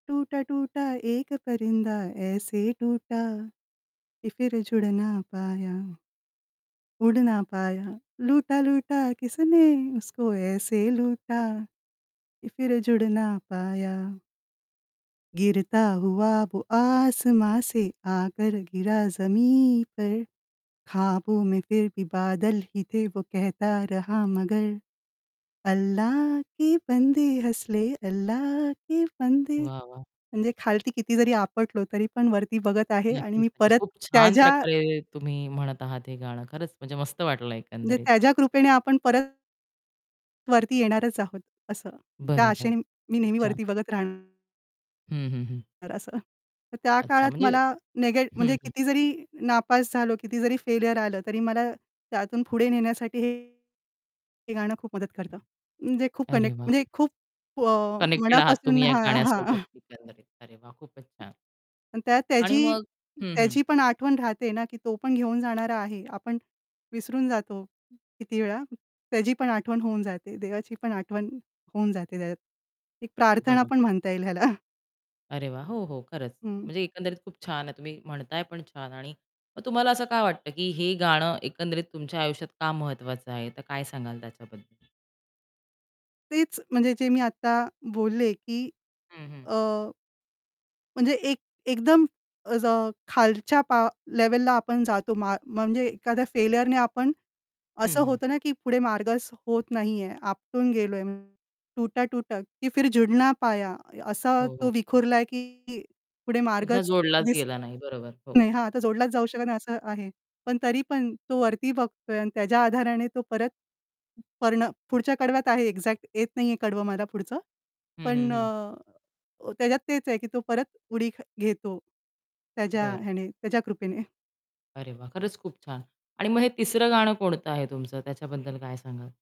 टूटा टूटा एक परिंदा ऐसे टूटा, की फिर जुडना पाया उडना पाया, लूटा, लूटा किसने उसको ऐसे लूटा की फिर जुडना पाया गिरता हुआ वो आसमां से, आकर गिरा जमीन पर, खाबो में फिर भी बादलही थे वो कहता रहा मगर, अल्लाह के बंदे हसले अल्ला के बंदे वाह, वाह! म्हणजे खालती किती जरी आपटलो, तरी पण वरती बघत आहे आणि नक्कीच, मी नक्कीच. परत खूप छान त्याच्या प्रकारे तुम्ही म्हणत आहात हे गाणं, खरंच म्हणजे मस्त वाटलं म्हणजे एकंदरीत. त्याच्या कृपेने आपण परत वरती येणारच आहोत, असं. त्या बरोबर. आशेने मी खूप नेहमी छान. वरती बघत राहणार. हं, हं, हं. तर असं. तर त्या अच्छा काळात म्हणजे मला नेगे हं, म्हणजे हं. किती जरी नापास झालो, किती जरी फेलीयर आलं, तरी मला त्यातून पुढे नेण्यासाठी हे हे गाणं खूप मदत करतं. म्हणजे खूप अरे, कनेक्ट वाह! म्हणजे खूप व कनेक्टेड आहात मनापासून तुम्ही या हां, हां. गाण्यासोबत एकंदरीत, अरे, वाह! खूपच छान. आणि त्यात आणि त्याची मग हं, हं. त्याची पण आठवण राहते ना की तो पण घेऊन जाणारा आहे. आपण विसरून जातो, किती वेळा. त्याची पण आठवण होऊन जाते, देवाची पण आठवण होऊन जाते त्यात. एक प्रार्थना पण बरोबर. म्हणता येईल ह्याला. अरे, वाह! हो, हो, खरंच. हं. म्हणजे एकंदरीत खूप छान आहे, तुम्ही म्हणताय पण छान. आणि मग तुम्हाला असं का वाटतं की हे गाणं एकंदरीत तुमच्या आयुष्यात का महत्त्वाचं आहे? तर काय सांगाल त्याच्याबद्दल? तेच म्हणजे जे मी आता बोलले, की हं, हं. अ म्हणजे एक एकदम अज खालच्या पा लेव्हलला आपण जातो, मा म्हणजे एखाद्या फेल्युरने आपण हं, असं हं. होतं ना की पुढे मार्गच होत नाहीये, आपटून गेलोय, टुटा-टुटा की फिर झुडना पाया असा हो, तो हो. विखुरला, की पुढे पुन्हा मार्गच जोडलाच दिसत गेला नाही, बरोबर, हो. नाही. हां, आता जोडलाच जाऊ शकत नाही असं आहे. पण तरी पण तो वरती बघतोय आणि त्याच्या आधाराने तो परत करणं पुढच्या कडव्यात आहे एक्झॅक्ट येत नाहीये कडवं मला पुढचं. हं, हं, पण हं. अ, त्याच्यात तेच आहे की तो परत उडी घेतो, त्याच्या बरं. ह्याने त्याच्या कृपेने. अरे, वाह! खरंच खूप छान. आणि मग हे तिसरं गाणं कोणतं आहे तुमचं त्याच्याबद्दल काय सांगाल?